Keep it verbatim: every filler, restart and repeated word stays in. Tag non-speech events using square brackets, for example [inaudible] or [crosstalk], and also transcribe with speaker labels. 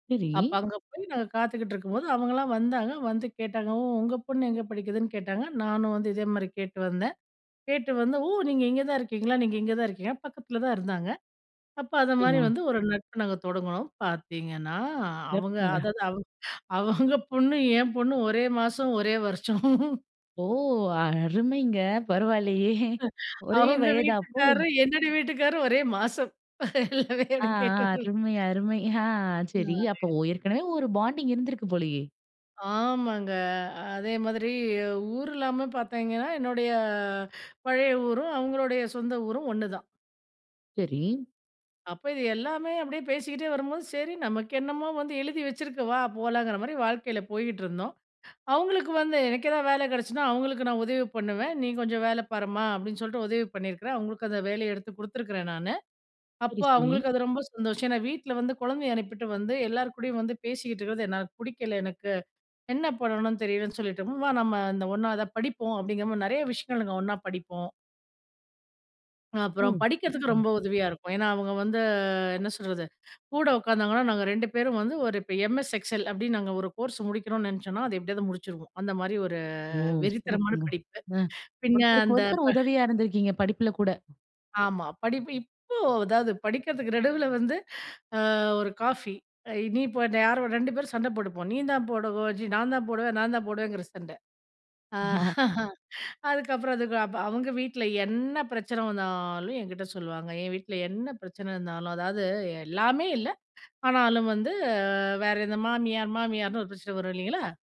Speaker 1: சரி.
Speaker 2: அப்ப அங்க போய் நாங்க காத்துக்கிட்ருக்கும்போது, அவங்கலாம் வந்தாங்க. வந்து கேட்டாங்க. ஓ! உங்க பொண்ணு எங்க படிக்குதுன்னு கேட்டாங்க. நானும் வந்து, இதே மாரி கேட்டு வந்தேன். கேட்டு வந்து ஓ! நீங்க இங்க தான் இருக்கீங்களா? நீங்க இங்க தான் இருக்கீங்க. பக்கத்துல தான் இருந்தாங்க. அப்ப அது மாதிரி
Speaker 1: [unintelligible]
Speaker 2: வந்து, ஒரு நட்பு நாங்க தொடங்குனோம். பாத்தீங்கன்னா, அவங்க
Speaker 1: ஒர்க்குங்க
Speaker 2: அதாவது, அவங் அவங்க பொண்ணு, என் பொண்ணு ஒரே மாசம், ஒரே வருஷம்.
Speaker 1: ஓ! அருமைங்க. பரவால்லையே. ஒரே
Speaker 2: அவுங்க
Speaker 1: வயதா, அப்போ?
Speaker 2: வீட்டுக்காரு, என்னுடைய வீட்டுக்காரும் ஒரே மாசம். எல்லாமே
Speaker 1: ஆ
Speaker 2: எனக்
Speaker 1: ஆ,
Speaker 2: கேட்டுட்டு.
Speaker 1: அருமை. அருமை. ஆ, சரி.
Speaker 2: ம்மாய்
Speaker 1: அப்போ, ஏற்கனவே ஒரு பாண்டிங் இருந்திருக்கு போலையே.
Speaker 2: ஆமங்க. அதே மாதிரி, ஊர் எல்லாம பாத்தீங்கன்னா, என்னுடைய பழைய ஊரும், அவுங்களோடய சொந்த ஊரும், ஒண்ணுதான்.
Speaker 1: சரி.
Speaker 2: அப்ப இது எல்லாமே அப்படியே பேசிக்கிட்டே வரும்போது, சரி நமக்கு என்னமோ வந்து, எழுதி வச்சுருக்கு. வா போலாங்கிற மாரி வாழ்க்கையில போய்கிட்டுருந்தோம். அவுங்களுக்கு வந்து, எனக்கு ஏதாவது வேலை கெடைச்சினா, அவுங்களுக்கு நான் உதவி பண்ணுவேன். நீ கொஞ்ச வேல பாரும்மா. அப்படின்னு சொல்லிட்டு, உதவி பண்ணியிருக்குறேன். அவுங்களுக்கு அந்த வேலய எடுத்து குடுத்துருக்கிறேன் நானு. அப்ப
Speaker 1: சரி, சரி.
Speaker 2: அவுங்களுக்கு அது ரொம்ப சந்தோஷம். ஏன்னா, வீட்ல வந்து கொழந்தய அனுப்பிட்டு வந்து, எல்லார் கூடயும் வந்து பேசிகிட்டு இருக்குறது, என்னால பிடிக்கல எனக்கு. என்ன பண்ணணுனு தெரியலன்னு சொல்லிட்டமா, வா நம்ம இந்த ஒண்ணா இத படிப்போம். அப்படிங்கிற மாரி, நெறய விஷயங்கள் நாங்க ஒண்ணா படிப்போம். அப்புறம்
Speaker 1: ம்,
Speaker 2: படிக்கிறதுக்கு
Speaker 1: ம்.
Speaker 2: ரொம்ப உதவியா இருக்கும். ஏன்னா, அவுங்க வந்து என்ன சொல்றது, கூட உட்காந்தாங்கன்னா, நாங்க ரெண்டு பேரும் வந்து, ஒரு இப்போ எம்எஸ் எக்ஸெல், அப்படின்னு நாங்க ஒரு கோர்ஸ் முடிக்கணுனு நெனச்சோனா, அது எப்படியாவது முடுச்சிருவோம். அந்த மாரி, ஒரு
Speaker 1: ஓ!
Speaker 2: வெறித்தனமான
Speaker 1: சிறப்புங்க.
Speaker 2: படிப்பு.
Speaker 1: அ,
Speaker 2: பின்ன
Speaker 1: ஒருத்தருக்கு
Speaker 2: அந்த, ப
Speaker 1: ஒருத்தர் உதவியா இருந்திருக்கீங்க. படிப்பில கூட.
Speaker 2: ஆமா, படிப்பு. இப்போ அதாவது படிக்கிறதுக்கு நடுவுல வந்து, அ ஒரு காஃபி. நீ இப்ப, யாரோ? ரெண்டு பேரும் சண்ட போட்டுப்போம். நீந்தான் போடவு ஜி நான் தான் போடுவேன். நான் தான் போடுவேங்கிற சண்ட.
Speaker 1: [laughs]
Speaker 2: அதுக்கப்புறம் அதுக்கு அப் அவுங்க வீட்ல என்ன பிரச்சனை வந்தாலும், எங்கிட்ட சொல்வாங்க. என் வீட்ல என்ன பிரச்சனை இருந்தாலும், அதாவது, எல்லாமே இல்ல. ஆனாலும் வந்து, வேற எந்த மாமியார் மாமியார்ன்னு ஒரு பிரச்சன வரும். இல்லைங்களா?